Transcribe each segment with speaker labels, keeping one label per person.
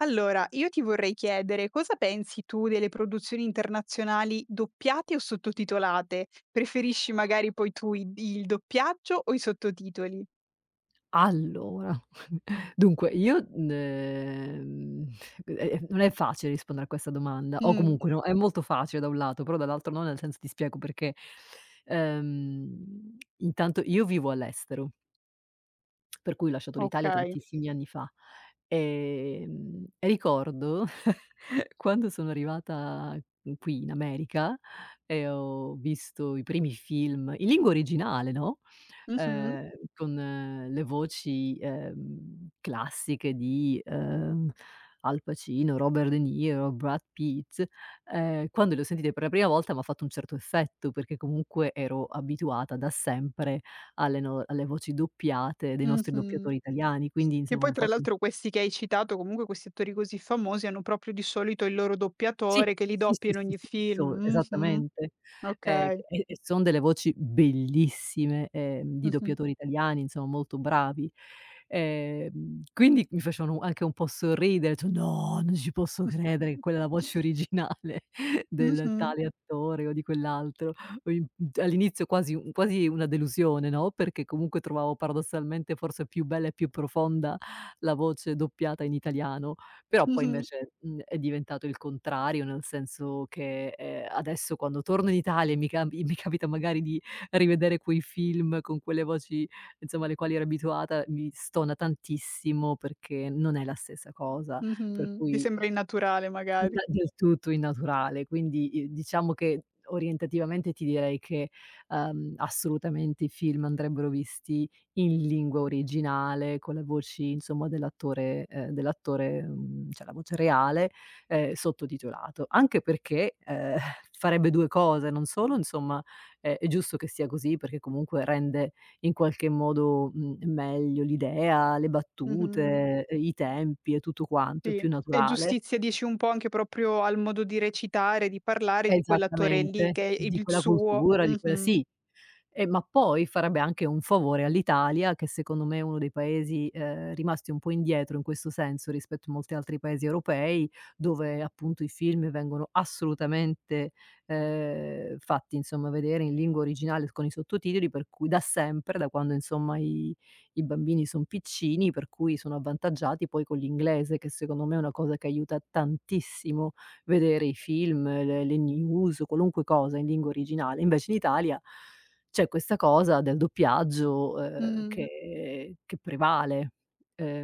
Speaker 1: Allora, io ti vorrei chiedere: cosa pensi tu delle produzioni internazionali doppiate o sottotitolate? Preferisci magari poi tu i il doppiaggio o i sottotitoli?
Speaker 2: Allora, dunque io n d ehm, u e e non è facile rispondere a questa domanda o
Speaker 1: Mh.
Speaker 2: comunque, no, è molto facile da un lato però dall'altro no, nel senso ti spiego perché, ehm, intanto io vivo all'estero per cui ho lasciato l'Italia
Speaker 1: Okay.
Speaker 2: tantissimi anni fa, ehm, e ricordo quando sono arrivata qui in America e ho visto i primi film in lingua originale, no,
Speaker 1: Mh-mh.
Speaker 2: ehm, con le voci, ehm, classiche di, uhm, Al Pacino, Robert De Niro, Brad Pitt, ehm, quando le ho sentite per la prima volta m'ha fatto un certo effetto, perché comunque ero abituata da sempre alle no, alle voci doppiate dei nostri
Speaker 1: Mh-mh.
Speaker 2: doppiatori italiani, quindi,
Speaker 1: Che
Speaker 2: insomma
Speaker 1: poi
Speaker 2: un fa
Speaker 1: tra
Speaker 2: mh.
Speaker 1: l'altro questi che hai citato, comunque questi attori così famosi, hanno proprio, di solito, il loro
Speaker 2: Sì!
Speaker 1: doppiatore che li
Speaker 2: Sì,
Speaker 1: doppia
Speaker 2: sì,
Speaker 1: in
Speaker 2: sì,
Speaker 1: ogni
Speaker 2: fisso,
Speaker 1: film. Mh-mh.
Speaker 2: esattamente. Ehm, che
Speaker 1: Okay.
Speaker 2: e e son delle voci bellissime, ehm, di
Speaker 1: Mh-mh.
Speaker 2: doppiatori italiani, insomma, molto bravi. Ehm, quindi mi facevano u anche un po' sorridere, ho etto: "No! Non ci posso credere che quella è la voce originale del
Speaker 1: Mh-mh.
Speaker 2: tale attore o di quell'altro." Ho imp mhmm, all'inizio quasi u quasi una delusione, no, perché comunque trovavo paradossalmente forse più bella e più profonda la voce doppiata in italiano. Però poi
Speaker 1: Mh-mh.
Speaker 2: invece, mhmm, è diventato il contrario nel senso che, ehm, adesso quando torno in Italia e mi camb i mi capita magari di rivedere quei film con quelle voci, insomma, alle quali ero abituata, mi stona tantissimo perché non è la stessa cosa. Per
Speaker 1: Mh-mh. Che
Speaker 2: cui
Speaker 1: sembra innaturale magari.
Speaker 2: Inda del tutto innaturale. Quindi, i diciamo che orientativamente ti direi che, uhm, assolutamente i film andrebbero visti in lingua originale, con la voci insomma dell'attore, ehm dell'attore, mhmm, cioè la voce reale, ehm, sottotitolato. Anche perché, ehm, farebbe 2 cose: non solo, insomma, è è giusto che sia così perché comunque rende in qualche modo, mhmm, meglio l'idea, le
Speaker 1: Mh-mh.
Speaker 2: battute, ehm, i tempi e tutto quanto, è
Speaker 1: Sì.
Speaker 2: più
Speaker 1: E
Speaker 2: naturale.
Speaker 1: giustizia dici un po' anche, proprio, al modo di recitare, di parlare di quell'attore lì,
Speaker 2: Esattamente,
Speaker 1: che è
Speaker 2: di
Speaker 1: il
Speaker 2: quella
Speaker 1: suo
Speaker 2: cultura, di quel
Speaker 1: mh-mh.
Speaker 2: sì. Ehm, ma poi farebbe anche un favore all'Italia, che secondo me è uno dei Paesi, ehm, rimasti un po' indietro in questo senso, rispetto a molti altri paesi europei dove, appunto, i film vengono assolutamente, ehm, fatti insomma vedere in lingua originale l con i sottotitoli, per cui da sempre, da quando insomma i i bambini son piccini per cui sono avvantaggiati poi con l'inglese che, secondo me, è una cosa che aiuta tantissimo vedere i film, le le news, qualunque cosa in lingua originale. Invece in Italia c'è questa cosa del doppiaggio, ehm,
Speaker 1: Mh.
Speaker 2: che che prevale.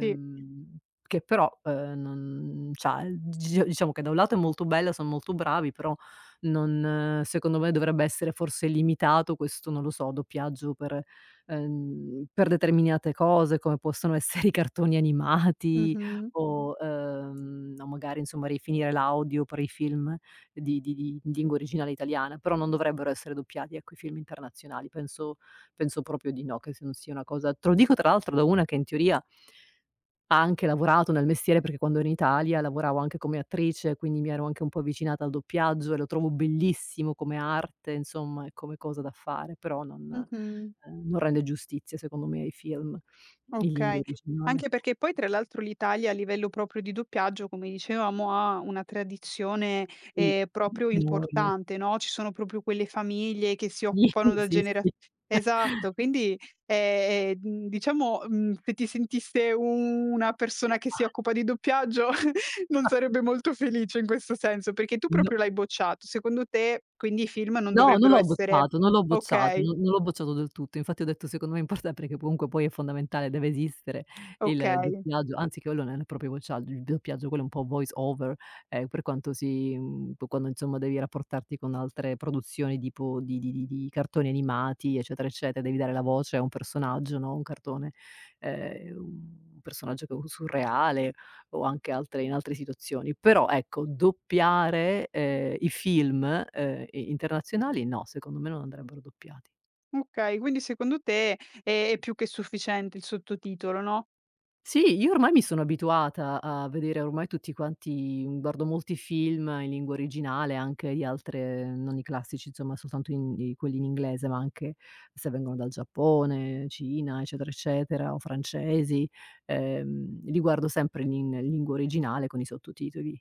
Speaker 1: Sì.
Speaker 2: che però, ehm, non c'ha il d g diciamo che da un lato è molto bello, son molto bravi, però non secondo me dovrebbe essere forse limitato questo, non lo so, doppiaggio per, ehm per determinate cose, come possono essere: i cartoni animati,
Speaker 1: Mh-mh.
Speaker 2: o, uhm o magari, insomma, rifinire l'audio per i film di di di lingua originale italiana, però non dovrebbero essere doppiati, ecco, i film internazionali. Penso penso proprio di no, che se s non sia una cosa te lo dico tra l'altro da una che, in teoria ha anche lavorato nel mestiere, perché quando in Italia lavoravo anche come attrice, quindi mi ero anche un po' avvicinata al doppiaggio e lo trovavo bellissimo come arte, insomma, e come cosa da fare. Però non,
Speaker 1: Mh-mh.
Speaker 2: ehm non rende giustizia, secondo me, ai film in lingua
Speaker 1: Okay.
Speaker 2: originale.
Speaker 1: Anche perché poi, tra l'altro, l'Italia a livello proprio di doppiaggio, come dicevamo, ha una tradizione,
Speaker 2: Sì,
Speaker 1: ehm, proprio
Speaker 2: enorme.
Speaker 1: importante, no: ci sono proprio quelle famiglie che si
Speaker 2: Sì,
Speaker 1: occupano da
Speaker 2: sì,
Speaker 1: genera
Speaker 2: sì.
Speaker 1: esatto. Quindi, e ehm, dn diciamo, mhmm, se ti sentisse u u una persona che si
Speaker 2: [unintelligible]
Speaker 1: occupa di doppiaggio, non
Speaker 2: [unintelligible]
Speaker 1: sarebbe molto felice in questo senso, perché tu
Speaker 2: No.
Speaker 1: proprio l'hai bocciato. Secondo te quindi i film non
Speaker 2: No, non
Speaker 1: dovrebbero
Speaker 2: l'ho
Speaker 1: essere
Speaker 2: bocciato, non l'ho bocciato,
Speaker 1: okay.
Speaker 2: non non l'ho bocciato del tutto. Infatti ho detto: "Secondo me è importante, che po comunque poi è fondamentale, deve esistere il
Speaker 1: Okay.
Speaker 2: doppiaggio." Anzi quello non è proprio uacciagg uib doppiaggio quello un po' Voice Over, ehm, per quanto si, mhmm, po quando, insomma, devi rapportarti con altre produzioni di po di di di di cartoni animati eccetera, eccetera, devi dare la voce a un personaggio, no, un cartone ehm, un personaggio che u surreale, o anche altre in altre situazioni. Però, ecco, doppiare, ehm, i film, ehm, i internazionali no, secondo me non andrebbero doppiati.
Speaker 1: Okay. Quindi, secondo te è è più che sufficiente il sottotitolo, no?
Speaker 2: Sì! Io ormai mi sono abituata a vedere ormai tutti quanti uhm, guardo molti film in lingua originale, anche agli altre non i classici, insomma, soltanto in i quelli in inglese, ma anche se vengono dal Giappone, Cina, eccetera, eccetera, o francesi, ehm, li guardo sempre i in lingua originale con i sottotitoli.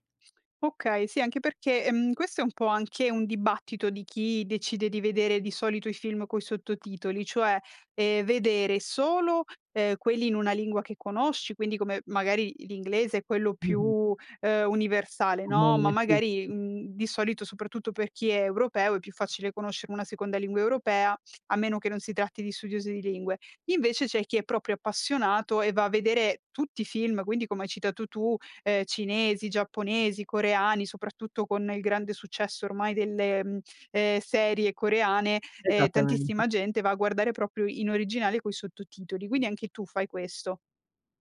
Speaker 1: Okay, sì anche perché, ehm, questo è un po' anche un dibattito di chi decide di vedere di solito i film coi sottotitoli, cioè, ehm, vedere solo, ehm, quelli in una lingua che conosci quindi come, magari l'inglese è quello,
Speaker 2: Mh-mh.
Speaker 1: più, ehm universale, no; ma
Speaker 2: [unintelligible] sì,
Speaker 1: magari,
Speaker 2: sì.
Speaker 1: mhmm, di solito soprattutto per chi è europeo è più facile conoscere una seconda lingua europea, a meno che non si tratti di studiosi di lingue. Invece c'è chi è proprio appassionato, e va a vedere tutti i film quindi, come hai citato tu, ehm, cinesi, giapponesi, coreani, soprattutto con il grande successo ormai delle, mhmm, ehm, serie coreane, ehm,
Speaker 2: Esattamente.
Speaker 1: tantissima gente va a guardare proprio in originale coi sottotitoli. Quindi anche tu fai questo?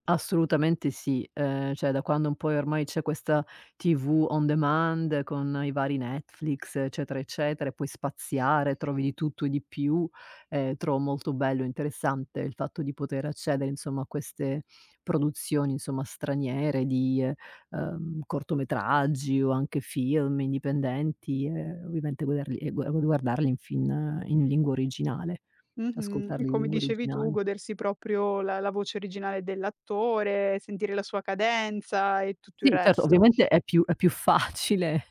Speaker 2: Assolutamente sì. Ehm, cioè da quando un pò, ehm, ormai c'è questa TV on demand, con i vari Netflix eccetera, eccetera e puoi spaziare, trovi di tutto e di più, ehm, trovo molto bello e interessante il fatto di poter accedere, insomma, a queste produzioni insomma straniere di ehm ehm, cortometraggi o anche film, indipendenti e ovviamente guederli e gua gu gu guardarli in fin in lingua originale,
Speaker 1: Mh-mh. E
Speaker 2: ascoltarli in
Speaker 1: come
Speaker 2: lingua
Speaker 1: dicevi tu,
Speaker 2: originale.
Speaker 1: godersi proprio la la voce originale dell'attore, sentire la sua cadenza e tutto il
Speaker 2: Sì certo,
Speaker 1: resto.
Speaker 2: ovviamente è più è più facile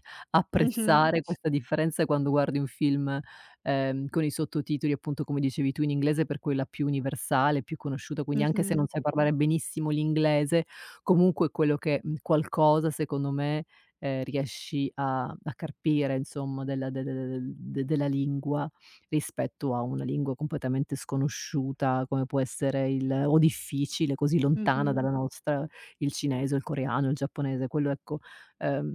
Speaker 1: Mh-mh.
Speaker 2: apprezzare questa differenza quando guardi un film, ehm, con i sottotitoli, appunto come dicevi tu, in inglese per quella più universale, più conosciuta, quindi anche se non
Speaker 1: Mh-mh.
Speaker 2: sai parlare benissimo l'inglese, comunque è quello che, mhmm, qualcosa secondo me, ehm, riesci a a carpire, insomma, della de de de de de della lingua rispetto a una lingua completamente sconosciuta, come può essere il o difficile, così lontana
Speaker 1: Mh-mh.
Speaker 2: dalla nostra, il cinese, o il coreano, il giapponese, quello ecco, ehm,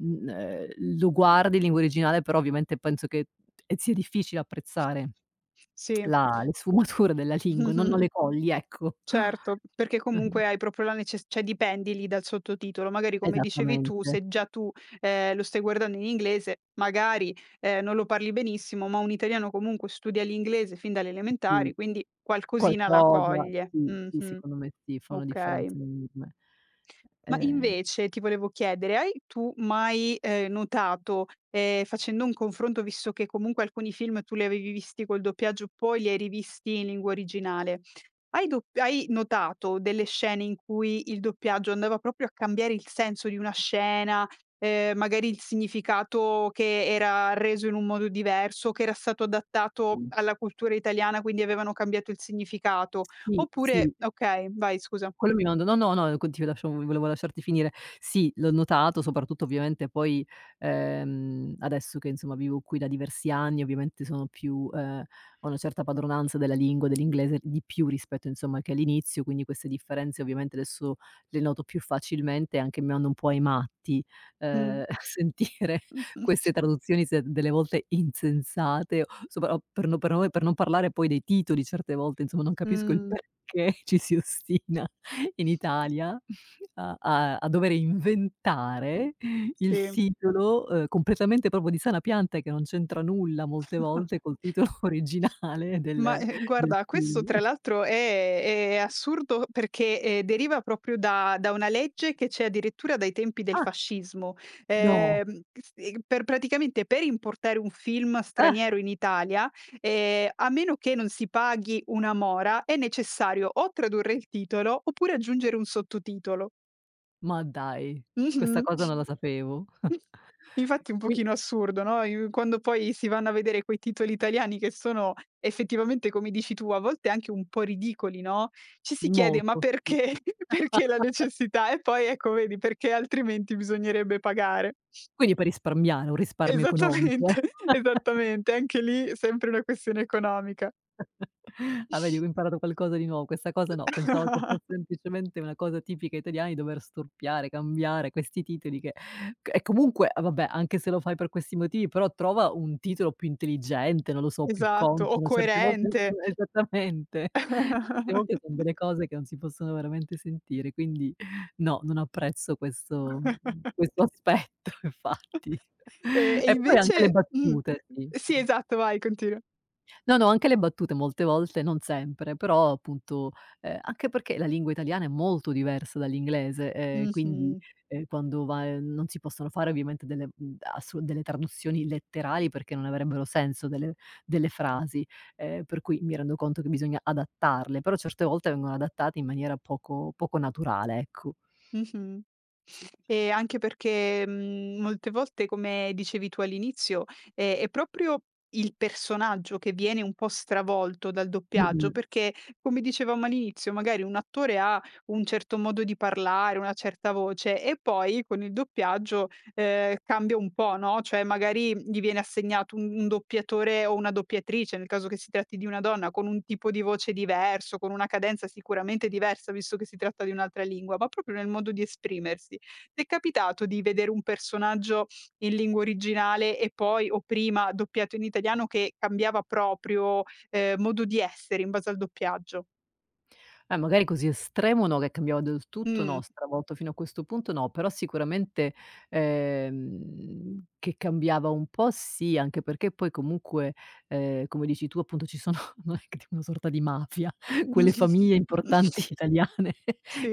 Speaker 2: mhmm, ehm, lo guardi in lingua originale, però ovviamente penso che ehm, zia difficile apprezzare
Speaker 1: Sì.
Speaker 2: la le sfumature della lingua, no non
Speaker 1: Mh-mh.
Speaker 2: le cogli, ecco.
Speaker 1: Certo, perché comunque, hai proprio la neces cioè, dipendi lì dal sottotitolo. Magari, come dicevi tu,
Speaker 2: Esattamente.
Speaker 1: se già tu, ehm, lo stai guardando in inglese magari, ehm, non lo parli benissimo ma un italiano, comunque, studia l'inglese fin dalle
Speaker 2: Sì.
Speaker 1: elementari quindi, qualcosina la
Speaker 2: Qualcosa,
Speaker 1: coglie.
Speaker 2: sì, sì,
Speaker 1: Mh-mh.
Speaker 2: secondo me sì, fa una
Speaker 1: Okay.
Speaker 2: differenza enorme.
Speaker 1: Ma
Speaker 2: Ehm
Speaker 1: invece, ti volevo chiedere, hai tu mai, ehm, notato, ehm, facendo un confronto, visto che comunque alcuni film tu li avevi visti col doppiaggio poi li hai rivisti in lingua originale, hai dop hai notato delle scene in cui il doppiaggio andava proprio a cambiare il senso di una scena? Ehm, magari il significato che era reso in un modo diverso? O che era stato adattato
Speaker 2: [unintelligible]
Speaker 1: alla cultura italiana, quindi avevano cambiato il significato?
Speaker 2: Sì, sì.
Speaker 1: Oppure okay, vai scusa.
Speaker 2: Quello mi mando no, no, ehm no continua lasciavo v volevo lasciarti finire. Sì, l'ho notato soprattutto ovviamente poi, ehm, adesso che, insomma, vivo qui da diversi anni ovviamente sono più, ehm ho una certa padronanza della lingua, dell'inglese, di più rispetto, insomma, che all'inizio, quindi queste differenze ovviamente adesso le noto più facilmente, e anche mi manda un po' ai matti,
Speaker 1: Mh.
Speaker 2: ehm, sentire
Speaker 1: Mh-mh.
Speaker 2: queste traduzioni se delle volte insensate sopra o per no me per non parlare poi dei titoli, certe volte, insomma, non capisco il
Speaker 1: Mh.
Speaker 2: perché ci si ostina in Italia a a a dovere inventare il
Speaker 1: Sì.
Speaker 2: titolo, uhm, completamente proprio di sana pianta, che non c'entra nulla molte volte, col titolo originale
Speaker 1: Ma,
Speaker 2: del
Speaker 1: e ehm,
Speaker 2: del
Speaker 1: guarda questo
Speaker 2: film.
Speaker 1: tra l'altro è è è assurdo perché, ehm, deriva proprio da da una legge che c'è addirittura dai tempi del
Speaker 2: Ah!
Speaker 1: fascismo.
Speaker 2: No!
Speaker 1: Ehm, che ste per praticamente, per importare un film
Speaker 2: Ah!
Speaker 1: straniero in Italia, ehm, a meno che non si paghi una mora è necessario o tradurre il titolo, oppure aggiungere un sottotitolo.
Speaker 2: Ma dai! Questa
Speaker 1: Mh-mh.
Speaker 2: cosa non la sapevo.
Speaker 1: infatti un
Speaker 2: Qui
Speaker 1: pochino assurdo, no, i quando poi si vanno a vedere quei titoli italiani che sono effettivamente come dici tu a volte anche un po' ridicoli, no, ci si chiede ma
Speaker 2: Molto, sì.
Speaker 1: perché perché la necessità e poi ecco vedi perché altrimenti bisognerebbe pagare.
Speaker 2: Quindi per risparmiare, un risparmio economico eh.
Speaker 1: Esattamente, esattamente anche lì è sempre una questione economica.
Speaker 2: Ah, vedi che ho imparato qualcosa di nuo questa cosa no, pensavo che fosse semplicemente una cosa tipica italiani dover storpiare, cambiare questi titoli che c e comunque e vabbè anche se lo fai per questi motivi però trova un titolo più intelligente, non lo so, più
Speaker 1: Esatto o
Speaker 2: consono certe volte
Speaker 1: coerente.
Speaker 2: esattamente certe volte fan delle cose che non si possono veramente sentire quindi no, non apprezzo questo questo aspetto infatti
Speaker 1: E e
Speaker 2: e poi anche le
Speaker 1: invece, mh
Speaker 2: battute sì
Speaker 1: Sì
Speaker 2: [unintelligible]
Speaker 1: esatto, vai continua.
Speaker 2: No, no anche le battute molte volte non sempre però appunto, ehm, anche perché la lingua italiana è molto diversa dall'inglese, ehm, quindi,
Speaker 1: Mh-mh.
Speaker 2: ehm, quando va, ehm, non si possono fare ovviamente delle, uhm, ass delle traduzioni letterali perché non avrebbero senso delle delle frasi, ehm, per cui mi rendo conto che bisogna adattarle però certe volte vengono adattate in maniera poco poco naturale ecco,
Speaker 1: Mh-mh,
Speaker 2: s
Speaker 1: e anche perché, mhmm, molte volte come dicevi tu all'inizio, è è proprio il personaggio che viene un po' stravolto dal doppiaggio
Speaker 2: Mh-mh.
Speaker 1: perché come dicevamo all'inizio magari un attore ha un certo modo di parlare, una certa voce e poi con il doppiaggio, ehm, cambia un po' no, cioè magari gli viene assegnato un un doppiatore o una doppiatrice nel caso che si tratti di una donna con un tipo di voce diverso, con una cadenza sicuramente diversa visto che si tratta di un'altra lingua ma proprio nel modo di esprimersi. T'è capitato di vedere un personaggio in lingua originale e poi o prima doppiato in italiano che cambiava proprio, ehm, modo di essere in base al doppiaggio.
Speaker 2: Eh magari così estremo no, che cambiava del tutto
Speaker 1: Mh.
Speaker 2: no, stravolto fino a questo punto no, però sicuramente, ehm, che cambiava un po' sì, anche perché poi comunque, ehm, come dici tu appunto ci sono non è c una sorta di mafia quelle famiglie importanti italiane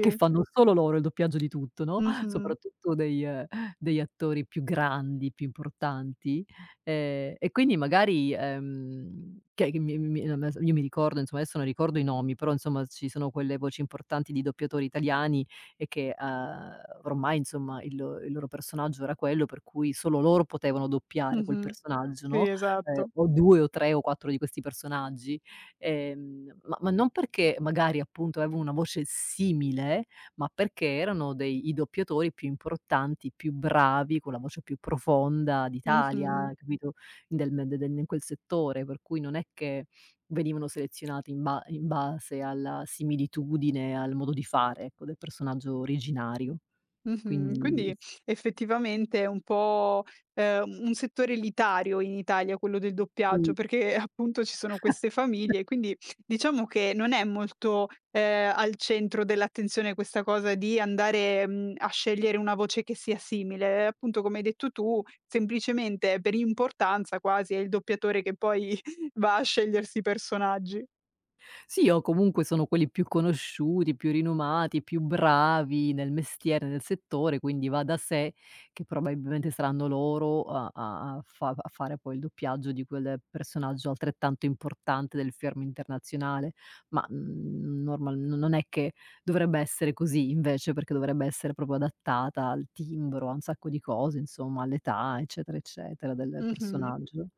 Speaker 2: che fanno solo loro il doppiaggio di tutto, no,
Speaker 1: Mh-mh.
Speaker 2: soprattutto degli, ehm, degli attori più grandi, più importanti, ehm, e quindi magari, ehm, che che mi mi mi [unintelligible] io mi ricordo insomma adesso non ricordo i nomi, però insomma ci sono quelle voci importanti di doppiatori italiani e che, ehm, ormai insomma il il loro personaggio era quello per cui solo loro potevano doppiare quel
Speaker 1: Mh-mh,
Speaker 2: personaggio,
Speaker 1: si
Speaker 2: no, ehm,
Speaker 1: esatto.
Speaker 2: o 2 o 3 o 4 di questi personaggi, ehm, ma ma non perché magari appunto avevo una voce simile ma perché erano dei i doppiatori più importanti, più bravi, con la voce più profonda
Speaker 1: Mh-mh.
Speaker 2: d'Italia, capito, del de den in quel settore, per cui non è che venivano selezionati in ba in base alla similitudine al modo di fare ecco del personaggio originario
Speaker 1: Mh-mh,
Speaker 2: quindi
Speaker 1: quindi effettivamente è un po', ehm, u un settore elitario in Italia quello del doppiaggio
Speaker 2: Sì.
Speaker 1: perché, eh, appunto ci sono queste famiglie quindi diciamo che non è molto, ehm, al centro dell'attenzione questa cosa di andare, mhmm, a scegliere una voce che sia simile e appunto come hai detto tu semplicemente per importanza quasi è il doppiatore che poi va a scegliersi personaggi.
Speaker 2: Sì o comunque sono quelli più conosciuti, più rinomati, più bravi nel mestiere, nel settore, quindi va da sé che probabilmente saranno loro a a a fav a fare poi il doppiaggio di quel personaggio altrettanto importante del fermo internazionale ma, mhmm, normal n non è che dovrebbe essere così invece perché dovrebbe essere proprio adattata al timbro a un sacco di cose insomma all'età, eccetera eccetera, del
Speaker 1: Mh-mh,
Speaker 2: personaggio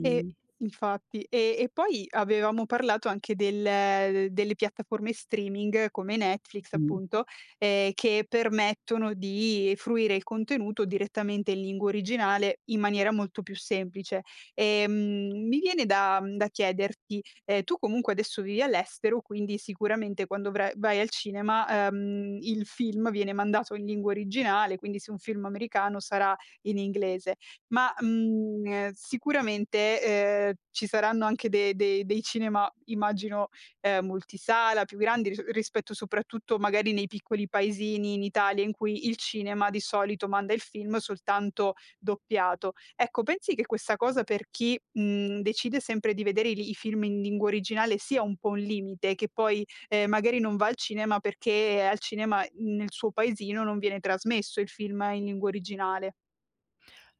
Speaker 1: e infatti, ehm, e poi avevamo parlato anche del delle piattaforme streaming come Netflix
Speaker 2: Mh.
Speaker 1: appunto, ehm, che permettono di fruire il contenuto direttamente in lingua originale in maniera molto più semplice, ehm, mi viene da da chiederti, ehm, tu comunque adesso vivi all'estero quindi sicuramente quando vra vai al cinema, ehm, il film viene mandato in lingua originale quindi se è un film americano sarà in inglese ma, mhmm, sicuramente, ehm, ci saranno anche de dei dei cinema immagino, ehm, multisala più grandi ris rispetto soprattutto magari nei piccoli paesini in Italia in cui il cinema di solito manda il film soltanto doppiato. Ecco pensi che questa cosa per chi, mhmm, decide sempre di vedere li i film in lingua originale sia un po' un limite che poi, ehm, magari non va al cinema perché al cinema nel suo paesino non viene trasmesso il film in lingua originale.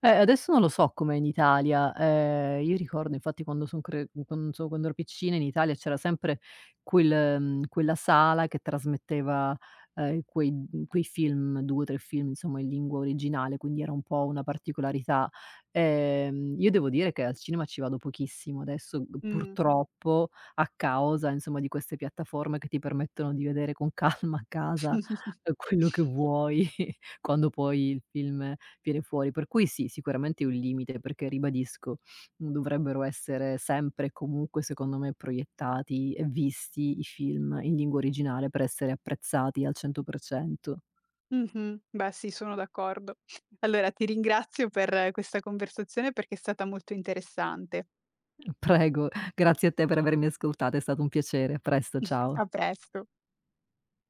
Speaker 2: Eh, adesso non lo so com'è in Italia, ehm, io ricordo infatti quando son cre q quando so quando ero piccina in Italia c'era sempre quel, mhmm, quella sala che trasmetteva, ehm, in quei quei film 2 o 3 film insomma in lingua originale quindi era un po' una particolarità, ehm, io devo dire che al cinema ci vado pochissimo adesso g
Speaker 1: Mhmm.
Speaker 2: purtroppo, a causa insomma di queste piattaforme che ti permettono di vedere con calma a casa quello che vuoi quando poi il film viene fuori, per cui sì, sicuramente è un limite perché ribadisco dovrebbero essere sempre e comunque secondo me proiettati e visti i film in lingua originale per essere apprezzati al 100%.
Speaker 1: Mh-mh, beh sì, sono d'accordo. Allora ti ringrazio per questa conversazione perché è stata molto interessante.
Speaker 2: Prego, grazie a te per avermi ascoltata, è stato un piacere, a presto, ciao.
Speaker 1: A presto.